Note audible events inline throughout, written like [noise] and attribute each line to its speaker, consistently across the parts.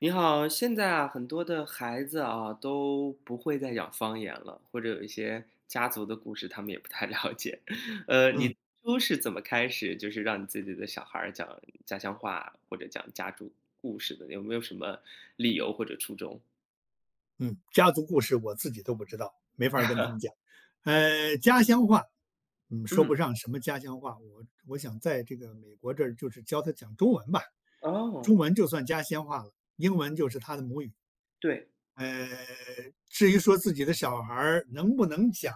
Speaker 1: 你好，现在啊很多的孩子啊，都不会再讲方言了，或者有一些家族的故事，他们也不太了解。[chuckles] 呃，
Speaker 2: 嗯。
Speaker 1: 你都是怎么开始，就是让你自己的小孩讲家乡话，或者讲家族故事的，有没有什么理由或者初衷？
Speaker 2: 嗯，家族故事我自己都不知道，没法儿跟他们
Speaker 1: [chuckles]
Speaker 2: 讲，呃，家乡话，嗯，说不
Speaker 1: 嗯。
Speaker 2: 上什么家乡话，我我想在这个美国这儿就是教他讲中文吧，中
Speaker 1: 哦。
Speaker 2: 文就算家乡话了，英文就是他的母语。
Speaker 1: 对。
Speaker 2: 呃，至于说自己的小孩儿能不能讲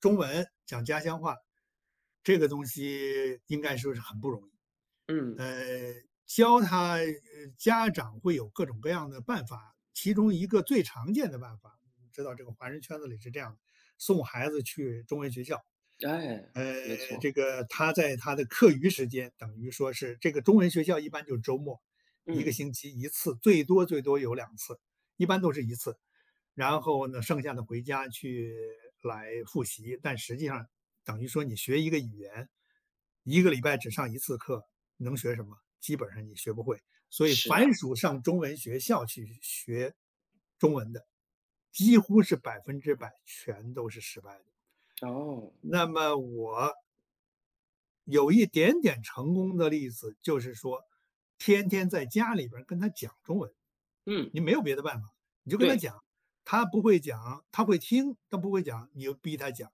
Speaker 2: 中文、讲家乡话，这个东西应该说是很不容易。
Speaker 1: 嗯。
Speaker 2: 呃，教他，呃，家长会有各种各样的办法，其中一个最常见的办法知道这个华人圈子里是这样的，送孩子去中文学校。
Speaker 1: 哎，
Speaker 2: 呃，
Speaker 1: 没错。
Speaker 2: 这个他在他的课余时间，等于说是这个中文学校，一般就是周末，1个
Speaker 1: 嗯。
Speaker 2: 星期1次，最多最多有2次，一般都是1次。然后呢，剩下的回家去来复习，但实际上等于说你学一个语言。1个礼拜只上1次课，能学什么？基本上你学不会，所以
Speaker 1: 是
Speaker 2: 凡
Speaker 1: 啊。
Speaker 2: 属上中文学校去学中文的，几乎是100%，全都是失败的。
Speaker 1: 哦。
Speaker 2: 那么我有一点点成功的例子，就是说，天天在家里边儿跟他讲中文。
Speaker 1: 嗯。
Speaker 2: 你没有别的办法，你就跟他
Speaker 1: 对。
Speaker 2: 讲。他不会讲，他会听，他不会讲，你就逼他讲。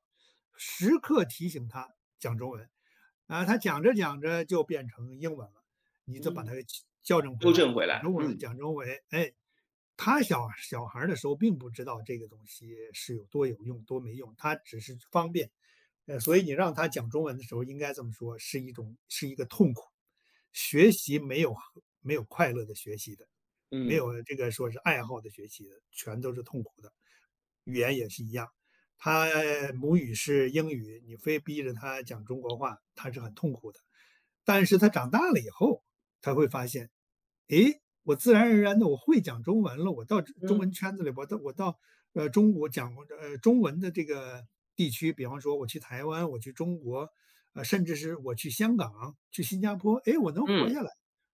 Speaker 2: 时刻提醒他讲中文，啊，他讲着讲着就变成英文了，你就把
Speaker 1: 嗯。
Speaker 2: 他其矫正回
Speaker 1: 纠
Speaker 2: 来，
Speaker 1: 正回
Speaker 2: “讲
Speaker 1: 来，
Speaker 2: 中文，
Speaker 1: 嗯。
Speaker 2: 讲中文”。诶，他小小孩儿的时候并不知道这个东西是有多有用，多没用，他只是方便。呃，所以你让他讲中文的时候，应该这么说，是一种是一个痛苦。学习没有和没有快乐的学习的。没
Speaker 1: 嗯。
Speaker 2: 有这个说是爱好的学习的，全都是痛苦的。语言也是一样，他母语是英语，你非逼着他讲中国话，他是很痛苦的。但是他长大了以后，他会发现，诶，我自然而然地我会讲中文了，我到中中
Speaker 1: 嗯。
Speaker 2: 文圈子里，我到我到，呃，中国讲我这呃，中文的这个地区，比方说我去台湾，我去中国，呃，甚至是我去香港、去新加坡，诶，我能活
Speaker 1: 嗯。
Speaker 2: 下来。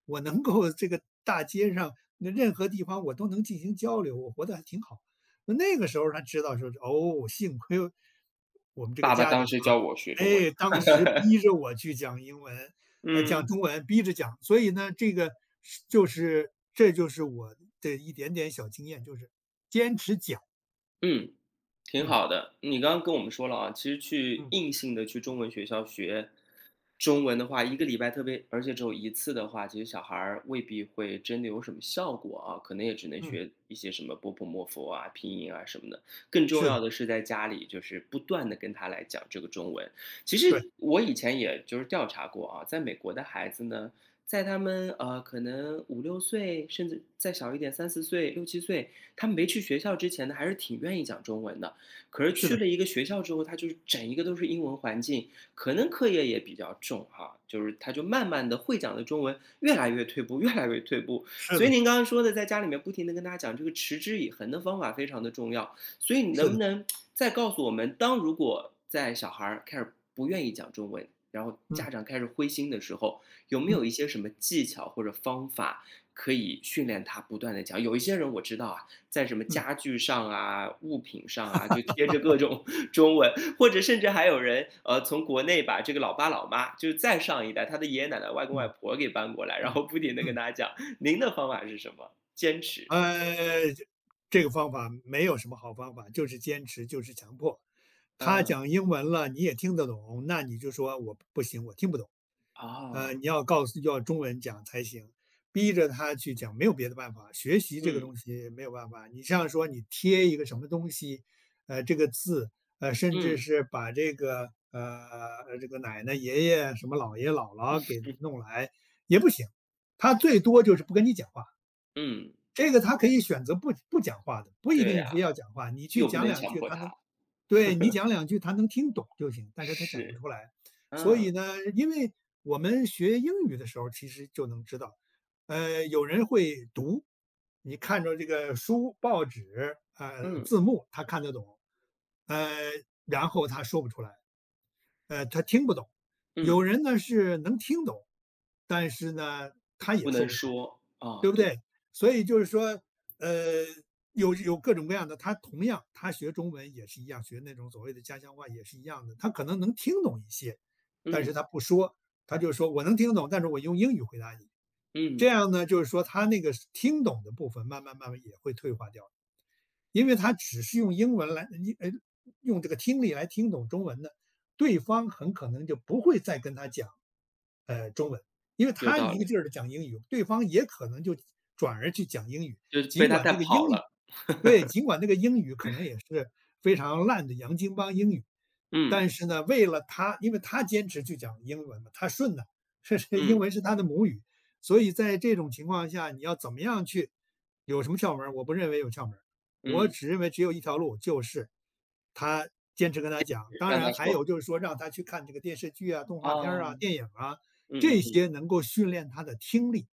Speaker 2: 我能够这个大街上，那任何地方我都能进行交流，我活得还挺好。那那个时候才知道说，哦，幸亏我们这个
Speaker 1: 爸爸
Speaker 2: 家长，
Speaker 1: 当时教我学中文。
Speaker 2: 诶，当时逼
Speaker 1: [laughs]
Speaker 2: 着我去讲英文呃，讲
Speaker 1: 嗯。
Speaker 2: 中文，逼着讲。所以呢，这个是就是这就是我的一点点小经验，就是坚持讲。
Speaker 1: 嗯，挺
Speaker 2: 嗯。
Speaker 1: 好的，你刚刚跟我们说了啊，其实去
Speaker 2: 嗯。
Speaker 1: 硬性地去中文学校学中文的话，1个礼拜特别而且只有1次的话，其实小孩儿未必会真的有什么效果啊，可能也只能
Speaker 2: 嗯。
Speaker 1: 学一些什么 b、p、m、f 啊，拼音啊什么的。更重
Speaker 2: 是的。
Speaker 1: 要的是在家里，就是不断地跟他来讲这个中文。其
Speaker 2: 对。
Speaker 1: 实我以前也就是调查过啊，在美国的孩子呢，在他们，呃，可能5-6岁甚至再小一点，3-4岁、6-7岁，他没去学校之前呢，还是挺愿意讲中文的。可是
Speaker 2: 是
Speaker 1: 去
Speaker 2: 的。
Speaker 1: 了一个学校之后，他就整一个都是英文环境，可能课业也比较重哈，就是他就慢慢地会讲的中文越来越退步，越来越退步。
Speaker 2: 是
Speaker 1: 所以
Speaker 2: 的。
Speaker 1: 您刚刚说的在家里面不停地跟大家讲这个“持之以恒”的方法非常的重要。所以你
Speaker 2: 是
Speaker 1: 能不
Speaker 2: 的。
Speaker 1: 能 [tsk] 再告诉我们，当如果在小孩儿开始不愿意讲中文。然后
Speaker 2: 嗯。
Speaker 1: 家长开始灰心的时候，有没有一
Speaker 2: 嗯。
Speaker 1: 些什么技巧或者方法可以训练他不断地讲。有一些人我知道啊，在什么
Speaker 2: 嗯。
Speaker 1: 家具上啊，物品上啊，就贴着各
Speaker 2: [laughs]
Speaker 1: 种 [chuckles] 中文，或者甚至还有人，呃，从国内把这个老爸、老妈，就再上一代，他的爷爷奶奶、外公外
Speaker 2: 嗯。
Speaker 1: 婆给搬过来，然
Speaker 2: 嗯。
Speaker 1: 后不停地跟
Speaker 2: 嗯。
Speaker 1: 大家讲。您的方法是什么，坚持？
Speaker 2: 呃，这这个方法没有什么好方法，就是坚持，就是强迫。他
Speaker 1: 嗯。
Speaker 2: 讲英文了，你也听得懂，那你就说“我不行，我听不懂。呃，
Speaker 1: 哦。
Speaker 2: 你要告诉要中文讲才行”。逼着他去讲，没有别的办法，学习这个
Speaker 1: 嗯。
Speaker 2: 东西没有办法。你像说你贴一个什么东西，呃，这个字，呃，甚至
Speaker 1: 嗯。
Speaker 2: 是把这个呃，这个奶奶、爷爷，什么姥爷、姥姥给
Speaker 1: [chuckles]
Speaker 2: 弄来，也不行，他最多就是不跟你讲话。
Speaker 1: 嗯。
Speaker 2: 这个他可以选择不不讲话的，不一
Speaker 1: 对
Speaker 2: 定
Speaker 1: 啊，
Speaker 2: 非要讲话，你去
Speaker 1: 又不
Speaker 2: 讲
Speaker 1: 能
Speaker 2: 2
Speaker 1: 强
Speaker 2: 句，
Speaker 1: 迫
Speaker 2: 他能
Speaker 1: 他。
Speaker 2: 对，你讲
Speaker 1: [chuckles]
Speaker 2: 2句他能听懂就行，但是他讲不
Speaker 1: 是，
Speaker 2: 出来。所以
Speaker 1: 嗯。
Speaker 2: 呢因为我们学英语的时候儿其实就能知道，呃，有人会读，你看着这个书、报纸，呃，
Speaker 1: 嗯。
Speaker 2: 字幕他看得懂，呃，然后他说不出来。呃，他听不懂。有
Speaker 1: 嗯。
Speaker 2: 人呢，是能听懂，但是呢，他也
Speaker 1: 不
Speaker 2: 说
Speaker 1: 能
Speaker 2: 不出来，
Speaker 1: 说，啊，
Speaker 2: 对不对？
Speaker 1: 对。
Speaker 2: 所以就是说，呃，有有各种各样的，他同样，他学中文也是一样，学那种所谓的家乡话也是一样的，他可能能听懂一些，但是
Speaker 1: 嗯。
Speaker 2: 他不说，他就说“我能听懂，但是我用英语回答你”，这
Speaker 1: 嗯。
Speaker 2: 样呢，就是说他那个听懂的部分，慢慢慢慢也会退化掉了。因为他只是用英文来呃你呃，用这个听力来听懂中文的，对方很可能就不会再跟他讲，呃，中文。因为
Speaker 1: 有
Speaker 2: 他
Speaker 1: 道
Speaker 2: 一个
Speaker 1: 理。
Speaker 2: 劲儿地讲英语，对方也可能就转而去讲英语，
Speaker 1: 就是被
Speaker 2: 尽
Speaker 1: 他
Speaker 2: 管
Speaker 1: 带
Speaker 2: 这个
Speaker 1: 跑
Speaker 2: 英语
Speaker 1: 了。
Speaker 2: 对，
Speaker 1: [chuckles]
Speaker 2: 尽管这个英语可能也是非常烂的洋经邦英语，但
Speaker 1: 嗯。
Speaker 2: 是呢，为了他因为他坚持去讲英文嘛，他顺的，是是英
Speaker 1: 嗯。
Speaker 2: 文是他的母语。所以在这种情况下你要怎么样去有什么窍门儿，我不认为有窍门儿，我
Speaker 1: 嗯。
Speaker 2: 只认为只有一条路，就是他坚持跟他
Speaker 1: 坚
Speaker 2: 讲，
Speaker 1: 持，
Speaker 2: 当
Speaker 1: 让
Speaker 2: 然
Speaker 1: 他
Speaker 2: 还
Speaker 1: 说。
Speaker 2: 有就是说让他去看这个电视剧啊，动画片儿
Speaker 1: 哦。
Speaker 2: 啊，电影儿啊，
Speaker 1: 嗯嗯
Speaker 2: 这
Speaker 1: 嗯。
Speaker 2: 些能够训练他的听力，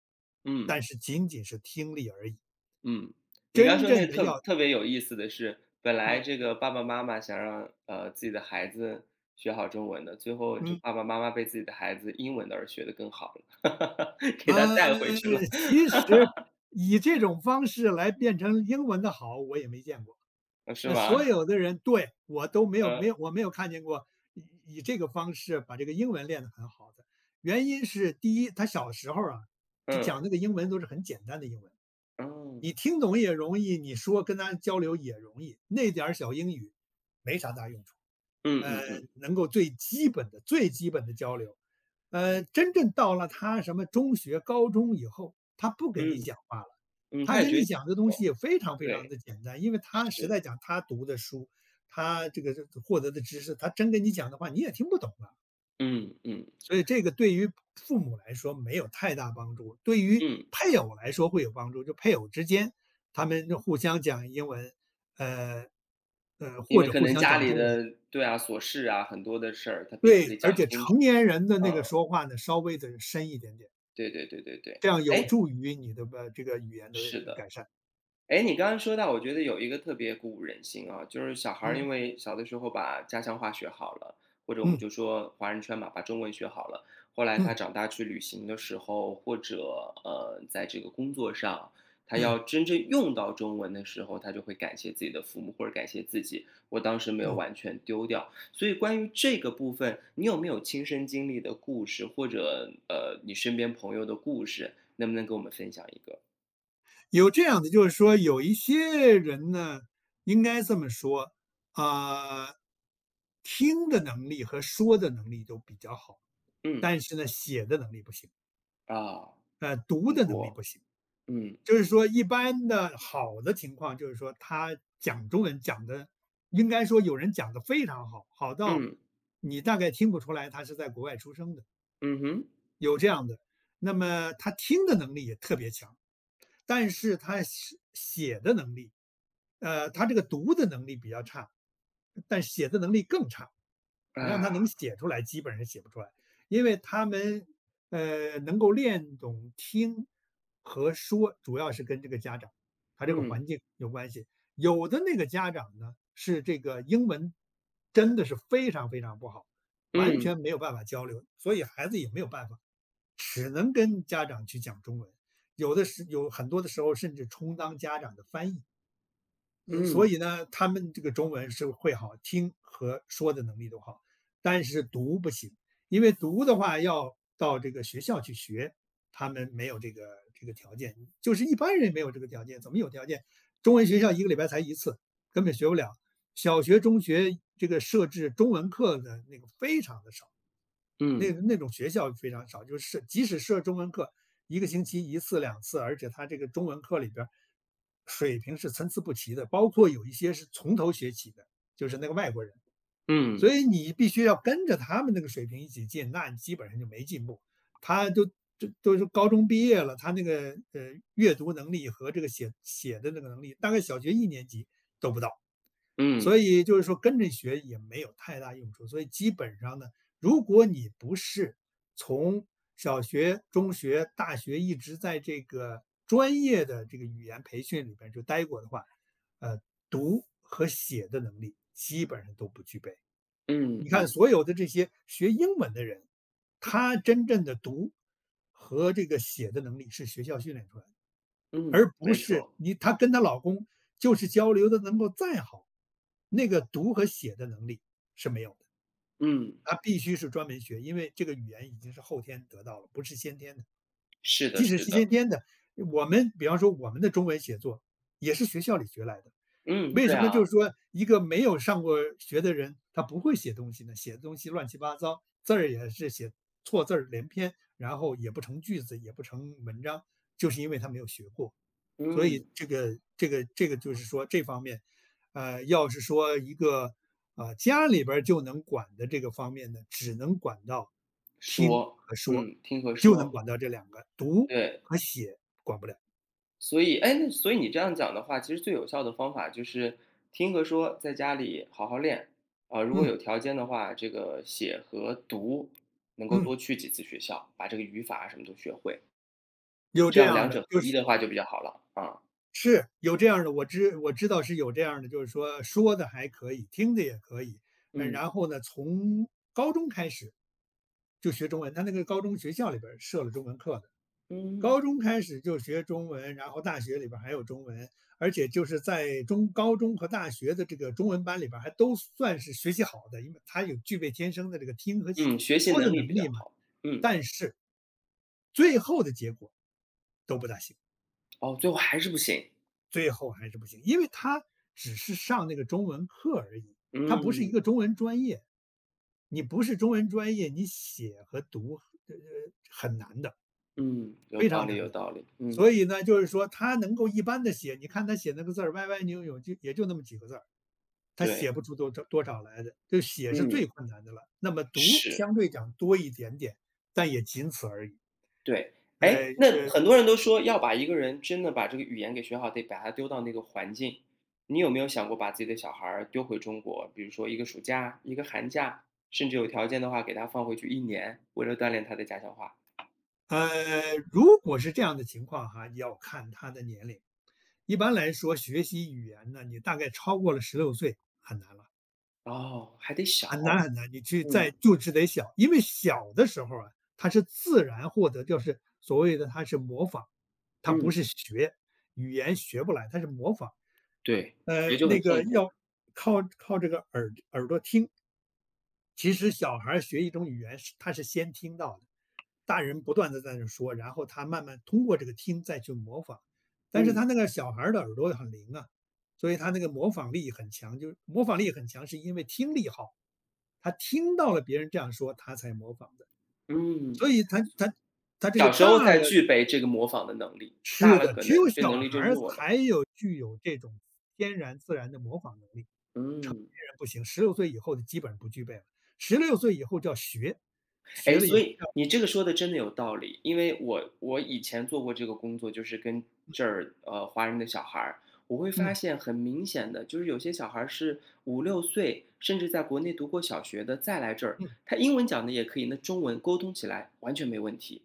Speaker 1: 嗯。
Speaker 2: 但是仅仅是听力而已。
Speaker 1: 嗯，你刚
Speaker 2: 真
Speaker 1: 说
Speaker 2: 正
Speaker 1: 那
Speaker 2: 的
Speaker 1: 特
Speaker 2: 要
Speaker 1: 特别有意思的是，本来
Speaker 2: 嗯。
Speaker 1: 这个爸爸妈妈想让，呃，自己的孩子学好中文的，最后就
Speaker 2: 嗯。
Speaker 1: 爸爸妈妈被自己的孩子英文的，而学得更好了，[laughs] 给他带
Speaker 2: 嗯，
Speaker 1: 回去了。
Speaker 2: 其实
Speaker 1: [laughs]
Speaker 2: 以这种方式来变成英文的好，我也没见过。
Speaker 1: 哦，是
Speaker 2: 那所
Speaker 1: 吗？
Speaker 2: 有的人对，我都没有没有
Speaker 1: 嗯。
Speaker 2: 我没有看见过，以以这个方式把这个英文练得很好的。原因是第一他小时候儿啊，他
Speaker 1: 嗯。
Speaker 2: 讲这个英文都是很简单的英文。你
Speaker 1: 嗯。
Speaker 2: 听懂也容易，你说跟他交流也容易，那点小英语没啥大用处。
Speaker 1: 嗯
Speaker 2: 呃，
Speaker 1: 嗯嗯。
Speaker 2: 能够最基本的最基本的交流。呃，真正到了他什么中学、高中以后，他不跟你
Speaker 1: 嗯，
Speaker 2: 讲话了，
Speaker 1: 嗯，
Speaker 2: 他
Speaker 1: 他也
Speaker 2: 跟
Speaker 1: 觉
Speaker 2: 你
Speaker 1: 是
Speaker 2: 讲的东
Speaker 1: 的，
Speaker 2: 西也非常非常
Speaker 1: 对，
Speaker 2: 地简单，因为他实
Speaker 1: 是。
Speaker 2: 在讲，他读的书，他这个这个获得的知识，他真跟你讲的话你也听不懂啊。
Speaker 1: 嗯嗯。
Speaker 2: 所以这个对于父母来说没有太大帮助，对于
Speaker 1: 嗯。
Speaker 2: 配偶来说会有帮助，就配偶之间他们就互相讲英文，呃，呃，
Speaker 1: 因
Speaker 2: 或
Speaker 1: 为
Speaker 2: 者
Speaker 1: 可
Speaker 2: 互
Speaker 1: 能
Speaker 2: 相
Speaker 1: 家
Speaker 2: 讲
Speaker 1: 里
Speaker 2: 中文。
Speaker 1: 的对啊，琐事啊，很多的事儿他必须
Speaker 2: 对，
Speaker 1: 得
Speaker 2: 而
Speaker 1: 讲
Speaker 2: 且
Speaker 1: 清楚。
Speaker 2: 成年人的那
Speaker 1: 嗯。
Speaker 2: 个说话呢，稍微地深一点点。
Speaker 1: 对对对对对。
Speaker 2: 这样有
Speaker 1: 诶
Speaker 2: 助于你的吧这个语言的
Speaker 1: 是的。
Speaker 2: 改善。
Speaker 1: 诶，你刚刚说到，我觉得有一个特别鼓舞人心啊。就是小孩儿
Speaker 2: 嗯。
Speaker 1: 因为小的时候把家乡话学好了，或者我们
Speaker 2: 嗯。
Speaker 1: 就说华人圈吧，把中文学好了，后来他
Speaker 2: 嗯。
Speaker 1: 长大去旅行的时候，或者，呃，在这个工作上，他
Speaker 2: 嗯。
Speaker 1: 要真正用到中文的时候，他就会感谢自己的父母，或者感谢自己，“我当时没有
Speaker 2: 嗯。
Speaker 1: 完全丢掉”。所以关于这个部分，你有没有亲身经历的故事，或者，呃，你身边朋友的故事。能不能跟我们分享一个？
Speaker 2: 有这样子，就是说有一些人呢，应该这么说，啊，听的能力和说的能力都比较好，
Speaker 1: 嗯。
Speaker 2: 但是呢，写的能力不行。
Speaker 1: 啊，
Speaker 2: 呃，读
Speaker 1: 很
Speaker 2: 的能力
Speaker 1: 多，
Speaker 2: 不行。
Speaker 1: 嗯。
Speaker 2: 就是说一般的好的情况就是说他讲中文讲得应该说有人讲得非常好，好到
Speaker 1: 嗯。
Speaker 2: 你大概听不出来他是在国外出生的。
Speaker 1: 嗯哼。
Speaker 2: 有这样的，那么他听的能力也特别强。但是他是写写的能力呃，他这个读的能力比较差，但写的能力更差，你让
Speaker 1: 啊。
Speaker 2: 他能写出来，基本上写不出来。因为他们，呃，能够练懂听和说，主要是跟这个家长，它这个
Speaker 1: 嗯。
Speaker 2: 环境有关系。有的那个家长呢，是这个英文真的是非常非常不好，完
Speaker 1: 嗯。
Speaker 2: 全没有办法交流，所以孩子也没有办法，只能跟家长去讲中文，有的时有很多的时候儿甚至充当家长的翻译。呃，所
Speaker 1: 嗯。
Speaker 2: 以呢，他们这个中文是会好听和说的能力都好，但是读不行。因为读的话要到这个学校去学，他们没有这个这个条件，就是一般人没有这个条件，怎么有条件？中文学校1个礼拜才1次，根本学不了。小学、中学这个设置中文课的那个非常地少。
Speaker 1: 嗯。
Speaker 2: 那个那种学校非常少，就是设即使设中文课，1个星期1次、2次，而且它这个中文课里边儿，水平是参差不齐的，包括有一些是从头学起的，就是那个外国人。
Speaker 1: 嗯。
Speaker 2: 所以你必须要跟着他们那个水平一起进，那基本上就没进步。他都就都是高中毕业了，他那个，呃，阅读能力和这个写写的这个能力，大概小学1年级都不到。
Speaker 1: 嗯。
Speaker 2: 所以就是说跟着学也没有太大用处。所以基本上呢，如果你不是从小学、中学、大学一直在这个专业的这个语言培训里边就呆过的话，呃，读和写的能力基本上都不具备。
Speaker 1: 嗯，
Speaker 2: 你看
Speaker 1: 嗯。
Speaker 2: 所有的这些学英文的人，他真正的读和这个写的能力是学校训练出来的。
Speaker 1: 嗯，
Speaker 2: 而不
Speaker 1: 没
Speaker 2: 是
Speaker 1: 错。
Speaker 2: 你她跟她老公就是交流得能够再好，那个读和写的能力是没有的。
Speaker 1: 嗯。
Speaker 2: 它必须是专门学，因为这个语言已经是后天得到了，不是先天的。
Speaker 1: 是的，
Speaker 2: 即使
Speaker 1: 是
Speaker 2: 是
Speaker 1: 的。
Speaker 2: 先天的，我们比方说我们的中文写作，也是学校里学来的，
Speaker 1: 嗯，
Speaker 2: 为
Speaker 1: 对
Speaker 2: 什么
Speaker 1: 啊。
Speaker 2: 就是说一个没有上过学的人，他不会写东西呢，写的东西乱七八糟，字儿也是写错字儿连篇，然后也不成句子，也不成文章，就是因为他没有学过。所以
Speaker 1: 嗯。
Speaker 2: 这个这个这个就是说这方面，呃，要是说一个，呃，家里边儿就能管的这个方面呢，只能管到听
Speaker 1: 说，
Speaker 2: 和说，
Speaker 1: 嗯，听和
Speaker 2: 就能
Speaker 1: 说。
Speaker 2: 管到这两个，读
Speaker 1: 对。
Speaker 2: 和写管不了。
Speaker 1: 所以诶，所以你这样讲的话，其实最有效的方法就是，听和说在家里好好练。啊，如果
Speaker 2: 嗯。
Speaker 1: 有条件的话，这个写和读能够
Speaker 2: 嗯。
Speaker 1: 多去几次学校，把这个语法什么都学会。
Speaker 2: 有
Speaker 1: 这
Speaker 2: 这
Speaker 1: 样
Speaker 2: 样儿
Speaker 1: 两
Speaker 2: 的，
Speaker 1: 者合
Speaker 2: 就
Speaker 1: 一
Speaker 2: 是
Speaker 1: 的话就比较好了，啊。
Speaker 2: 是，有这样儿的，我知我知道是有这样儿的，就是说，说得还可以，听得也可以。嗯，
Speaker 1: 嗯。
Speaker 2: 然后呢从高中开始，就学中文，他那个高中学校里边儿设了中文课的。
Speaker 1: 嗯。
Speaker 2: 高中开始就学中文，然后大学里边儿还有中文，而且就是在中高中和大学的这个中文班里边儿还都算是学习好的，因为他有具备天生的这个听和写
Speaker 1: 嗯，学习
Speaker 2: 说
Speaker 1: 能
Speaker 2: 的
Speaker 1: 力比
Speaker 2: 能
Speaker 1: 较
Speaker 2: 力嘛，
Speaker 1: 好，嗯。
Speaker 2: 但是最后的结果都不大行。
Speaker 1: 哦，最后还是不行。
Speaker 2: 最后还是不行，因为他只是上那个中文课而已，它不是一
Speaker 1: 嗯。
Speaker 2: 个中文专业，你不是中文专业，你写和读，呃呃，很难的。
Speaker 1: 嗯，有
Speaker 2: 非
Speaker 1: 道
Speaker 2: 常
Speaker 1: 理
Speaker 2: 难
Speaker 1: 有
Speaker 2: 的，
Speaker 1: 道理，嗯。
Speaker 2: 所以呢，就是说他能够一般地写，你看他写那个字儿歪歪扭扭就也就那么几个字儿，他
Speaker 1: 对。
Speaker 2: 写不出多多少来的，就写是
Speaker 1: 嗯。
Speaker 2: 最困难的了，那么读
Speaker 1: 是。
Speaker 2: 相对讲多一点点，但也仅此而已。
Speaker 1: 对。
Speaker 2: 哎，
Speaker 1: 诶，那
Speaker 2: 呃
Speaker 1: 很多人都说要把一个人，真的把这个语言给学好，得把他丢到那个环境。你有没有想过把自己的小孩儿丢回中国。比如说一个暑假，一个寒假，甚至有条件的话给他放回去1年，为了锻炼他的家乡话。
Speaker 2: 呃，如果是这样的情况啊，你要看他的年龄。一般来说学习语言呢，你大概超过了16岁，很难了。
Speaker 1: 哦，还得小。
Speaker 2: 很难很难，你去
Speaker 1: 嗯。
Speaker 2: 再就是得小。因为小的时候啊，他是自然获得，就是，所谓的他是模仿，他不
Speaker 1: 嗯。
Speaker 2: 是学，语言学不来，他是模仿。
Speaker 1: 对，学
Speaker 2: 嗯，
Speaker 1: 就很
Speaker 2: 那
Speaker 1: 痛
Speaker 2: 个
Speaker 1: 苦了。
Speaker 2: 要靠靠这个耳耳朵听。其实小孩儿学一种语言是他是先听到的，大人不断地在那说，然后他慢慢通过这个听再去模仿。但是
Speaker 1: 嗯。
Speaker 2: 他那个小孩儿的耳朵很灵啊，所以他那个模仿力很强。就模仿力很强，是因为听力好。他听到了别人这样说，他才模仿的。
Speaker 1: 嗯。
Speaker 2: 所以他他他这个
Speaker 1: 小时
Speaker 2: 大
Speaker 1: 候才
Speaker 2: 了
Speaker 1: 具备这个模仿的能力，大
Speaker 2: 是
Speaker 1: 了
Speaker 2: 的，
Speaker 1: 可
Speaker 2: 只
Speaker 1: 能
Speaker 2: 有
Speaker 1: 这
Speaker 2: 小
Speaker 1: 能力
Speaker 2: 孩
Speaker 1: 就
Speaker 2: 儿
Speaker 1: 弱了。
Speaker 2: 才有具有这种天然、自然的模仿能力。成年
Speaker 1: 嗯。
Speaker 2: 人不行，16岁以后就基本上不具备了。16岁以后叫学，学
Speaker 1: 诶，
Speaker 2: 了以
Speaker 1: 所
Speaker 2: 后
Speaker 1: 以，
Speaker 2: 就要
Speaker 1: 你这个说的真的有道理。因为我我以前做过这个工作，就是跟
Speaker 2: 嗯。
Speaker 1: 这儿，呃，华人的小孩儿。我会发
Speaker 2: 嗯。
Speaker 1: 现很明显的，就是有些小孩儿是5-6岁，甚至在国内读过小学的，再来这儿，
Speaker 2: 嗯。
Speaker 1: 他英文讲得也可以，那中文沟通起来完全没问题。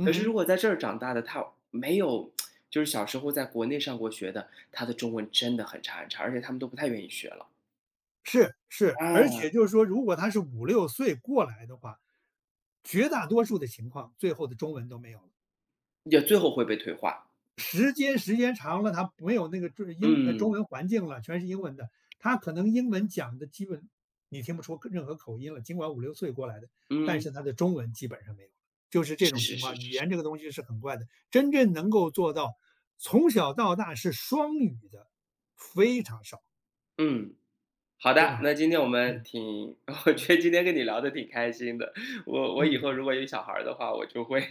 Speaker 1: 可
Speaker 2: 嗯
Speaker 1: 是如
Speaker 2: 哼。
Speaker 1: 果在这儿长大的，他没有 [tsk] 就是小时候在国内上过学的，他的中文真的很差很差，而且他们都不太愿意学了。
Speaker 2: 是是，而且
Speaker 1: 嗯。
Speaker 2: 就是说如果他是5-6岁过来的话，绝大多数的情况，最后的中文都没有了。
Speaker 1: 也最后会被退化。
Speaker 2: 时间时间长了，他没有那个就是英呃，中
Speaker 1: 嗯。
Speaker 2: 文环境了，全是英文的。他可能英文讲得基本你听不出口任何口音了，尽管5-6岁过来的，但
Speaker 1: 嗯。
Speaker 2: 是他的中文基本上没有，就是这
Speaker 1: 是
Speaker 2: 种
Speaker 1: 是
Speaker 2: 情
Speaker 1: 是
Speaker 2: 况。语
Speaker 1: 是是。
Speaker 2: 言这个东西是很怪的，真正能够做到从小到大是双语的，非常少。
Speaker 1: 嗯。好
Speaker 2: 非
Speaker 1: 的，
Speaker 2: 常，
Speaker 1: 那今天我们
Speaker 2: 嗯。
Speaker 1: 挺我觉得今天跟你聊得挺开心的，我我以
Speaker 2: 嗯
Speaker 1: 后
Speaker 2: 嗯。
Speaker 1: 如果有小孩儿的话，我就会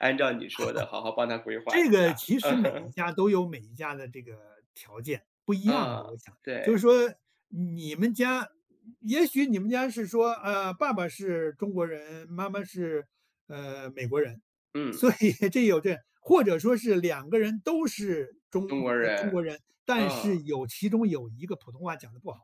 Speaker 1: 按照你说的好好帮他
Speaker 2: [laughs]
Speaker 1: 规划
Speaker 2: 这
Speaker 1: 一
Speaker 2: 个
Speaker 1: 下，
Speaker 2: 其
Speaker 1: 嗯
Speaker 2: 实每一
Speaker 1: 哼。
Speaker 2: 家都有每一家的这个条件，不一样
Speaker 1: 嗯，
Speaker 2: 的，我想。就是
Speaker 1: 对。
Speaker 2: 说你们家，也许你们家是说，呃，爸爸是中国人，妈妈是，呃，美国人，
Speaker 1: 嗯。
Speaker 2: 所以这有这或者说是2个人都是中
Speaker 1: 中国
Speaker 2: 呃，中
Speaker 1: 人，
Speaker 2: 国人，但
Speaker 1: 嗯。
Speaker 2: 是有其中有1个普通话讲得不好。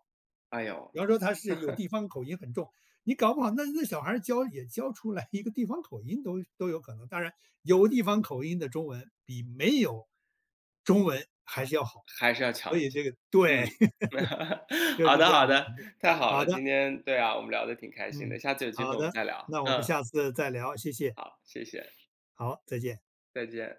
Speaker 1: 哎哟。
Speaker 2: 比方说他是有
Speaker 1: [chuckles]
Speaker 2: 地方口音很重，你搞不好那那小孩儿教也教出来一个地方口音都都有可能，当然，有地方口音的中文比没有中文还是要好，
Speaker 1: 还是要
Speaker 2: 所
Speaker 1: 强一
Speaker 2: 以
Speaker 1: 些，
Speaker 2: 这个对，
Speaker 1: 嗯。[chuckles]
Speaker 2: [chuckles] 就
Speaker 1: 好
Speaker 2: 是
Speaker 1: 的
Speaker 2: 这样
Speaker 1: 好
Speaker 2: 的。
Speaker 1: 的，
Speaker 2: [unintelligible]
Speaker 1: 太好
Speaker 2: 好
Speaker 1: 了，
Speaker 2: 的。
Speaker 1: 今天对啊，我们聊得挺开心的，
Speaker 2: 嗯，
Speaker 1: 下次有机
Speaker 2: 好
Speaker 1: 会我们
Speaker 2: 的，
Speaker 1: 再聊，
Speaker 2: 那我们
Speaker 1: 嗯。
Speaker 2: 下次再聊，谢谢。
Speaker 1: 好，谢谢。
Speaker 2: 好，再见。
Speaker 1: 再见。